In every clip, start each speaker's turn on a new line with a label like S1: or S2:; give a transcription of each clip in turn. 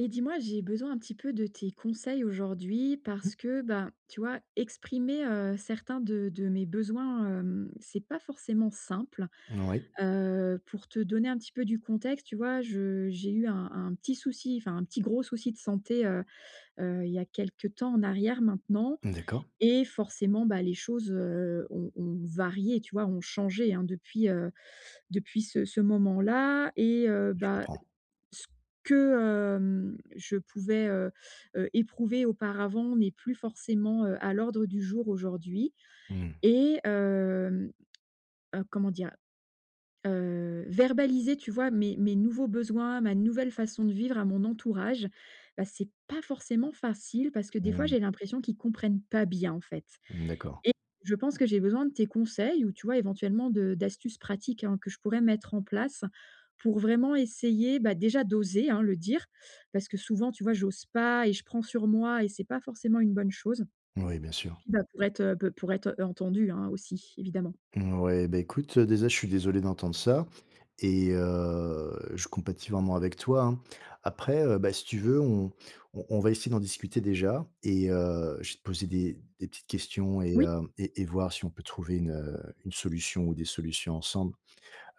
S1: Et dis-moi j'ai besoin un petit peu de tes conseils aujourd'hui,
S2: Mmh mh.
S1: parce que, bah, tu vois, exprimer, heu, certains de de mes besoins, hem, c'est pas forcément simple.
S2: N oui.
S1: Heu, pour te donner un petit peu du contexte, tu vois, je j'ai eu un un petit souci enfin, un petit gros souci de santé, heu heu, il y a quelque temps en arrière maintenant
S2: Mmh d'accord.
S1: et forcément, bah, les choses, heu, ont ont varié tu vois? Ont changé hein, depuis, heu, depuis ce ce moment-là, et heu,
S2: Heu, je
S1: bah,
S2: comprends.
S1: ce que, hem, je pouvais, heu heu, éprouver auparavant n'est plus forcément, heu, à l'ordre du jour aujourd'hui,
S2: Mmh.
S1: et hem, heu, comment dire? Heu, verbaliser tu vois? Mes mes nouveaux besoins, ma nouvelle façon de vivre à mon entourage, bah, c'est pas forcément facile parce que des fois
S2: Mmh.
S1: j'ai l'impression qu'ils comprennent pas bien, en fait,
S2: Mmh, d'accord.
S1: et je pense que j'ai besoin de tes conseils ou tu vois, éventuellement, de d'astuces pratiques hein, que je pourrais mettre en place pour vraiment essayer, bah, déjà d'oser hein, le dire, parce que souvent tu vois j'ose pas et je prends sur moi et c'est pas forcément une bonne chose,
S2: Moui, bien sûr.
S1: puis bah pour être, heu, peu pour être entendu hein, aussi évidemment.
S2: Mouais, bah, écoute, heu, déjà je suis désolé d'entendre ça, et heu, je compatis vraiment avec toi, hein. Après, heu, bah, si tu veux, on on on va essayer d'en discuter déjà et heu, je vais te poser des des petites questions et
S1: Oui.
S2: heu, et et voir si on peut trouver une, heu, une solution ou des solutions ensemble.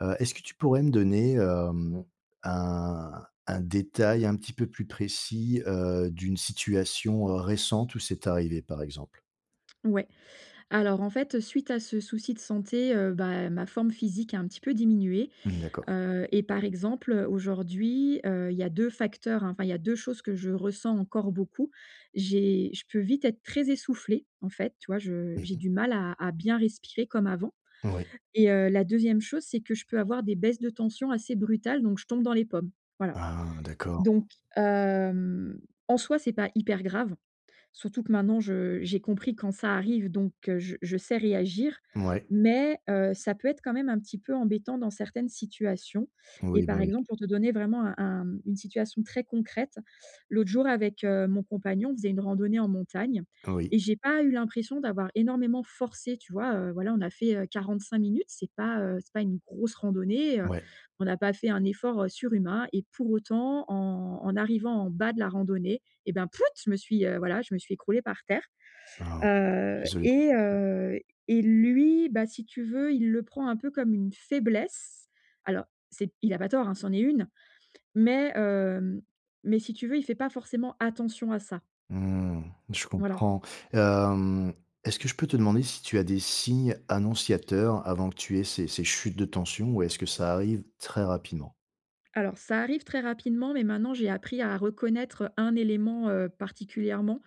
S2: Heu, est-ce que tu pourrais me donner, hem, un un détail un petit peu plus précis, heu, d'une situation, heu, récente où c'est arrivé, par exemple?
S1: Ouais, alors en fait suite à ce souci de santé, heu, bah, ma forme physique a un petit peu diminué,
S2: Mmh d'accord.
S1: heu, et par exemple, heu, aujourd'hui, heu, il y a 2 facteurs, enfin il y a 2 choses que je ressens encore beaucoup. J'ai je peux vite être très essoufflée en fait, tu vois? Je
S2: Mmh
S1: j'ai
S2: mh.
S1: du mal à à bien respirer comme avant,
S2: Oui.
S1: et heu, la 2e chose c'est que je peux avoir des baisses de tension assez brutales, donc je tombe dans les pommes, voilà,
S2: Ah d'accord.
S1: donc hem, en soi, c'est pas hyper grave, surtout que maintenant je j'ai compris quand ça arrive, donc heu, je je sais réagir,
S2: Mouais.
S1: mais heu, ça peut être quand même un petit peu embêtant dans certaines situations, et
S2: Oui,
S1: par
S2: bah oui.
S1: exemple pour te donner vraiment un un une situation très concrète, l'autre jour avec, heu, mon compagnon on faisait une randonnée en montagne
S2: Oui.
S1: et j'ai pas eu l'impression d'avoir énormément forcé, tu vois? Heu, voilà, on a fait, heu, 45 minutes, c'est pas, heu, c'est pas une grosse randonnée, heu,
S2: Ouais.
S1: on a pas fait un effort, heu, surhumain, et pour autant en en arrivant en bas de la randonnée, et bah, pfuit! Je me suis, heu, voilà, je me suis écroulée par terre.
S2: Bah,
S1: Heu,
S2: désolé
S1: et heu, et lui, bah, si tu veux, il le prend un peu comme une faiblesse. Alors c'est il a pas tort, ça en est une, mais heu, mais si tu veux, il fait pas forcément attention à ça.
S2: Mmh, je
S1: Voilà.
S2: comprends. Hem, est-ce que je peux te demander si tu as des signes annonciateurs avant que tu aies ces ces chutes de tension? Ou est-ce que ça arrive très rapidement?
S1: Alors ça arrive très rapidement, mais maintenant j'ai appris à reconnaître un élément, heu, particulièrement.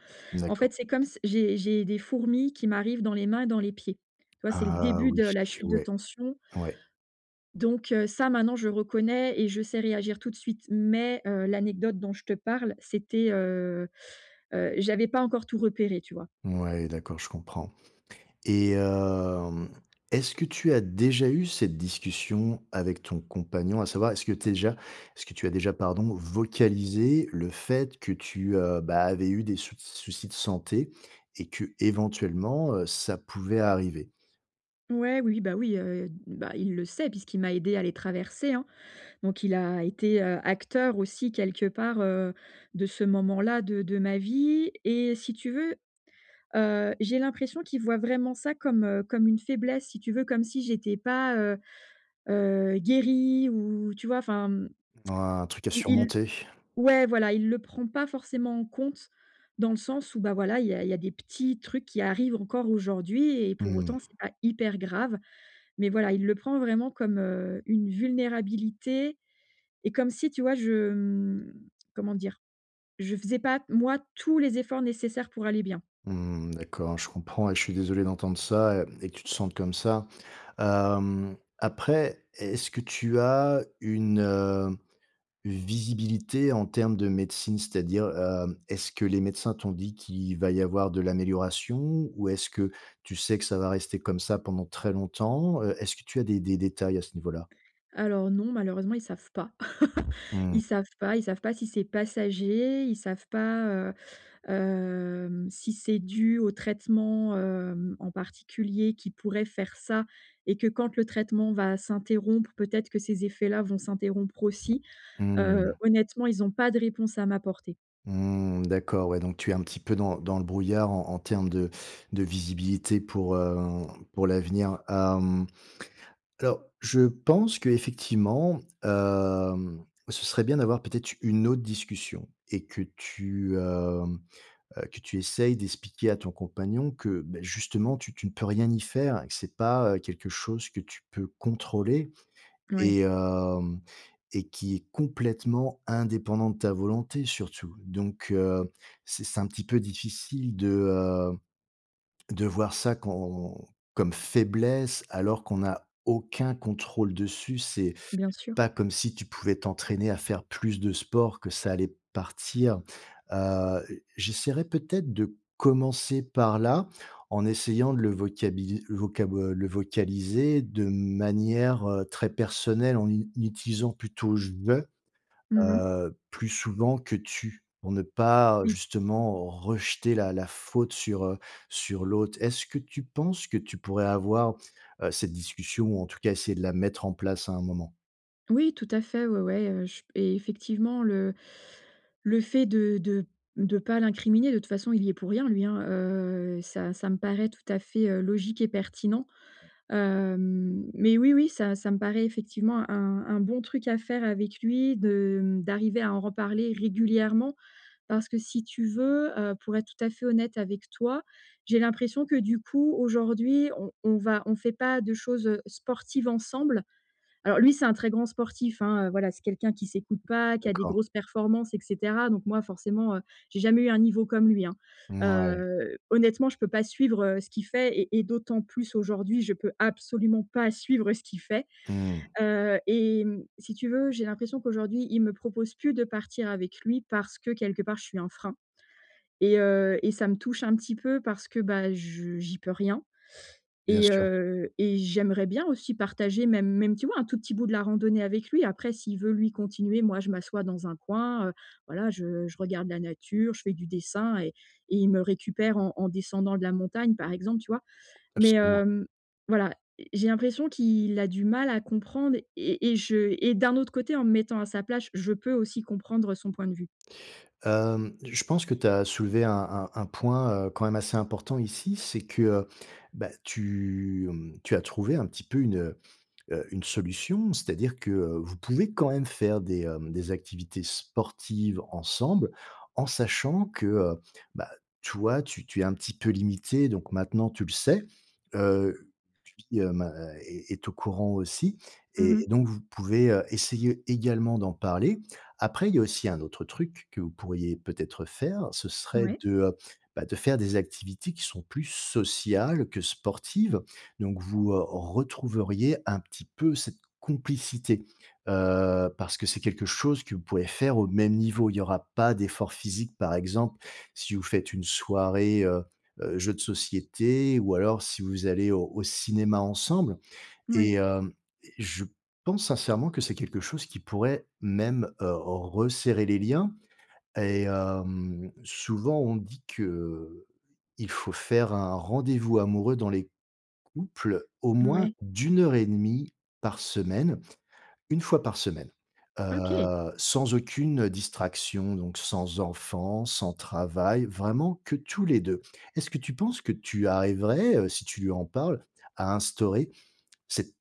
S1: En
S2: D'accord.
S1: fait, c'est comme s j'ai j'ai des fourmis qui m'arrivent dans les mains et dans les pieds, tu vois? C'est le
S2: Ah
S1: début
S2: oui,
S1: de la chute de
S2: ouais,
S1: tension.
S2: ouais.
S1: Donc heu, ça maintenant je reconnais et je sais réagir tout de suite, mais heu, l'anecdote dont je te parle, c'était, heu heu, j'avais pas encore tout repéré, tu vois?
S2: Mouais, d'accord, je comprends, et hem, est-ce que tu as déjà eu cette discussion avec ton compagnon? À savoir, est-ce que tu es déjà est-ce que tu as déjà, pardon, vocalisé le fait que tu, heu, bah, avais eu des souc soucis de santé et que éventuellement, heu, ça pouvait arriver?
S1: Ouais, oui, bah, oui, heu, d bah il le sait, puisqu'il m'a aidée à les traverser, hein. Donc il a été, heu, acteur aussi quelque part, heu, de ce moment-là, de de ma vie et si tu veux, heu, j'ai l'impression qu'il voit vraiment ça comme, heu, comme une faiblesse. Si tu veux, comme si j'étais pas, heu, heu, guérie ou, tu vois, enfin, mmh
S2: Mmh oh, un truc à
S1: il il
S2: surmonter.
S1: ouais, voilà, il le prend pas forcément en compte dans le sens où, bah, voilà, il y a il y a des petits trucs qui arrivent encore aujourd'hui et pour
S2: Mmh
S1: autant
S2: mh.
S1: c'est pas hyper grave. Mais voilà, il le prend vraiment comme, heu, une vulnérabilité et comme si, tu vois, je, mmh, comment dire? He faisais pas, moi tous les efforts nécessaires pour aller bien.
S2: Mmh, d'accord, je comprends et je suis désolé d'entendre ça, mmh et que tu te sentes comme ça, hem, après, est-ce que tu as une, heu, une visibilité en termes de médecine. C'est-à-dire, hem, est-ce que les médecins t'ont dit qu'il va y avoir de l'amélioration? Ou est-ce que tu sais que ça va rester comme ça pendant très longtemps? Heu, est-ce que tu as des des détails à ce niveau-là?
S1: Alors non, malheureusement ils savent pas, ils
S2: Mmh.
S1: savent pas ils savent pas si c'est passager, ils savent pas, heu, hem, si c'est dû au traitement, hem, en particulier, qui pourrait faire ça et que quand le traitement va s'interrompre, peut-être que ces effets-là vont s'interrompre aussi, heu,
S2: Mmh.
S1: honnêtement, ils ont pas de réponse à m'apporter.
S2: Mmh, d'accord, ouais, tu es un petit peu dans dans le brouillard, en en terme de de visibilité pour, heu, pour l'avenir, hem, alors je pense qu'effectivement, hem, ce serait bien d'avoir peut-être une autre discussion et que tu, hem, heu, que tu essaies d'expliquer à ton compagnon que, bah, justement tu tu ne peux rien y faire et que c'est pas, heu, quelque chose que tu peux contrôler
S1: Mouais.
S2: et hem et qui est complètement indépendant de ta volonté surtout. Donc heu, c'est c'est un petit peu difficile, de, heu, de voir ça, quand comme faiblesse alors qu'on a aucun contrôle dessus. C'est
S1: Bien sûr.
S2: pas comme si tu pouvais t'entraîner à faire plus de sport, que ça allait partir, heu, heu, j'essaierai peut-être de commencer par là, en essayant de le vocabili vocabo heu, le vocaliser de manière, heu, très personnelle en u utilisant plutôt «je»,
S1: Mmh mh.
S2: heu, plus souvent que «tu», pour ne pas
S1: Oui.
S2: justement, rejeter la la faute sur, heu, sur l'autre. Est-ce que tu penses que tu pourrais avoir, heu, cette discussion ou en tout cas, essayer de la mettre en place à un moment?
S1: Oui tout à fait, ouais, ouais, heu, j p effectivement le le fait de de de pas l'incriminer, de toute façon, il y est pour rien lui hein, heu, ça ça me paraît tout à fait, heu, logique et pertinent, hem, mais oui oui ça ça me paraît effectivement, un un bon truc à faire avec lui de, mmh, d'arriver à en reparler régulièrement. Parce que si tu veux, heu, pour être tout à fait honnête avec toi, j'ai l'impression que du coup aujourd'hui on on va on fait pas de choses, heu, sportives ensemble. Alors lui c'est un très grand sportif, hein, heu, voilà c'est quelqu'un qui s'écoute pas, qui a des
S2: D'accord.
S1: grosses performances et cetera, donc moi forcément, heu, j'ai jamais eu un niveau comme lui, hein,
S2: Mouais.
S1: heu, honnêtement je peux pas suivre, heu, ce qu'il fait et et d'autant plus aujourd'hui, je peux absolument pas suivre ce qu'il fait,
S2: Mmh.
S1: heu et mmh, si tu veux, j'ai l'impression qu'aujourd'hui il me propose plus de partir avec lui. Parce que quelque part, je suis un frein et heu et ça me touche un petit peu parce que, bah, je j'y peux rien
S2: Bien
S1: et
S2: sûr.
S1: heu et j'aimerais bien aussi partager même même, tu vois, un tout petit bout de la randonnée avec lui après s'il veut, lui, continuer, moi je m'assois dans un coin, heu, voilà, je je regarde la nature, je fais du dessin et et il me récupère en en descendant de la montagne, par exemple. Tu vois? Mais,
S2: Absolument.
S1: hem, voilà, e j'ai l'impression qu'il a du mal à comprendre et et je et d'un autre côté, en me mettant à sa place, je peux aussi comprendre son point de vue.
S2: Hem, je pense que tu as soulevé un un un point, heu, quand même assez important ici. C'est que, bah, tu, mmh, tu as trouvé un petit peu une, heu, une solution. C'est-à-dire que vous pouvez quand même faire des, hem, des activités sportives ensemble, en sachant que, heu, bah, toi tu tu es un petit peu limitée, donc maintenant, tu le sais, heu, lui, bah, est est au courant aussi
S1: Mmh
S2: et et
S1: mh.
S2: donc vous pouvez, heu, essayer également d'en parler. Après, il y a aussi un autre truc que vous pourriez peut-être faire. Ce serait
S1: Mouais.
S2: de, bah, de faire des activités qui sont plus sociales que sportives. Donc, vous, heu, retrouveriez un petit peu cette complicité, heu, parce que c'est quelque chose que vous pouvez faire au même niveau. Il y aura pas d'effort physique, par exemple, si vous faites une soirée, heu, heu, jeux de société ou alors si vous allez au au cinéma ensemble et
S1: Mouais.
S2: hem et je pense sincèrement que c'est quelque chose qui pourrait même, heu, resserrer les liens et hem, souvent on dit qu'il faut faire un rendez-vous amoureux, dans les couples, au moins
S1: Mouais.
S2: d'1h30 par semaine. 1 fois par semaine,
S1: OK.
S2: heu, sans aucune distraction, donc sans enfant, sans travail. Vraiment que tous les 2. Est-ce que tu penses que tu arriverais, heu, si tu lui en parles, à instaurer cette s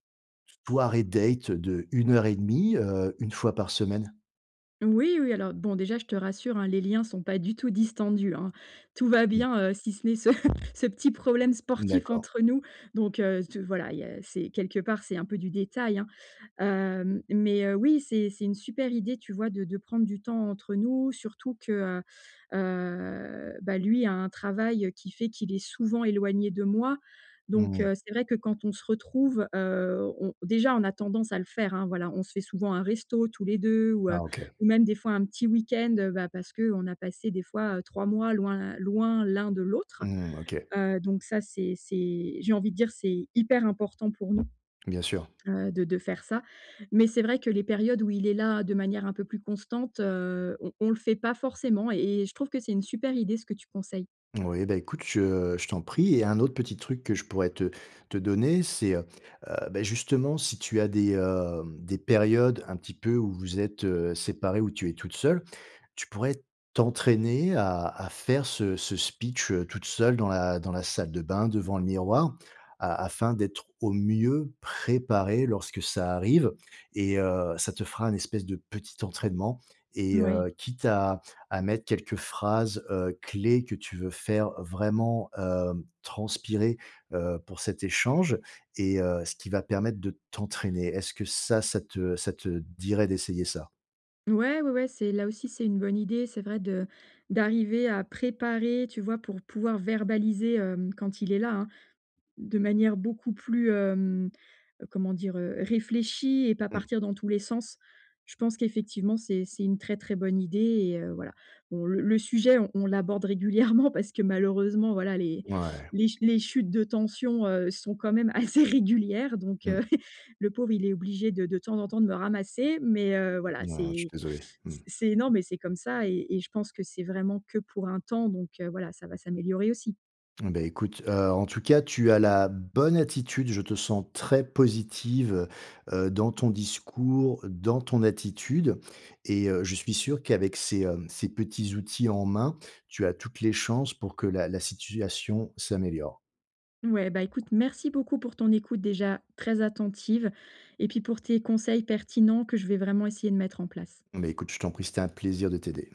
S2: soirée date de 1h30, heu, 1 fois par semaine?
S1: Oui, oui alors bon, déjà je te rassure, hein, les liens sont pas du tout distendus, hein. Tout va
S2: Mmh.
S1: bien, si ce n'est ce ce petit problème sportif
S2: D'accord.
S1: entre nous, donc heu, ce voilà, il y a c'est quelque part, c'est un peu du détail, hein. Hem, mais heu, oui, c'est c'est une super idée, tu vois? De de prendre du temps entre nous, surtout que, heu, heu, bah, lui a un travail qui fait qu'il est souvent éloigné de moi
S2: Mmh
S1: donc
S2: mh.
S1: heu, c'est vrai que quand on se retrouve, heu, on déjà, on a tendance à le faire voilà on se fait souvent un resto tous les 2 ou heu,
S2: Ah OK.
S1: ou même des fois un petit week-end, heu, parce qu'on a passé des fois 3 mois loin, loin l'un de l'autre,
S2: Mmh OK.
S1: heu, donc ça, c'est c'est j'ai envie de dire, c'est hyper important pour nous,
S2: Bien sûr.
S1: heu, de de faire ça, mais c'est vrai que les périodes où il est là de manière un peu plus constante, heu, on on le fait pas forcément et et et je trouve que c'est une super idée ce que tu conseilles.
S2: Moui, bah écoute, je je t'en prie et un autre petit truc que je pourrais te te donner, c'est, heu heu, bah, justement, si tu as des, hem, des périodes un petit peu où vous êtes, heu, séparés, où tu es toute seule. Tu pourrais t'entraîner à à faire ce ce speech, heu, toute seule dans la dans la salle de bain devant le miroir, a afin d'être au mieux préparé lorsque ça arrive et heu, ça te fera un espèce de petit entraînement et
S1: Mouais.
S2: heu, quitte à à mettre quelques phrases, heu, clés que tu veux faire vraiment, heu, transpirer, heu, pour cet échange et heu, ce qui va permettre de t'entraîner. Est-ce que ça, ça te ça te dirait d'essayer ça?
S1: Ouais, ouais, ouais, c'est là aussi, c'est une bonne idée, c'est vrai de d'arriver à préparer, tu vois? Pour pouvoir verbaliser, hem, quand il est là, de manière beaucoup plus, hem, heu, comment dire? Réfléchie et pas
S2: Mmh.
S1: partir dans tous les sens, je pense qu'effectivement c'est c'est une très, très bonne idée et heu, voilà. Bon le le sujet, on l'aborde régulièrement parce que, malheureusement, voilà, les
S2: Ouais.
S1: les les chutes de tension, heu, sont quand même assez régulières donc heu,
S2: Mmh.
S1: le pauvre, il est obligé de de temps en temps de me ramasser mais heu, voilà
S2: Non, je suis
S1: c'est
S2: désolé. Mmh.
S1: c'est énorme et c'est comme ça et je pense que c'est vraiment que pour un temps donc heu, voilà ça va s'améliorer aussi.
S2: Bah écoute, heu, en tout cas, tu as la bonne attitude. Je te sens très positive, heu, dans ton discours, dans ton attitude et heu, je suis sûr qu'avec ces, hem, ces petits outils en main, tu as toutes les chances pour que la la situation s'améliore.
S1: Mouais, bah écoute, merci beaucoup pour ton écoute déjà très attentive et puis pour tes conseils pertinents que je vais vraiment essayer de mettre en place.
S2: Beh écoute, je t'en prie, c'est un plaisir de t'aider.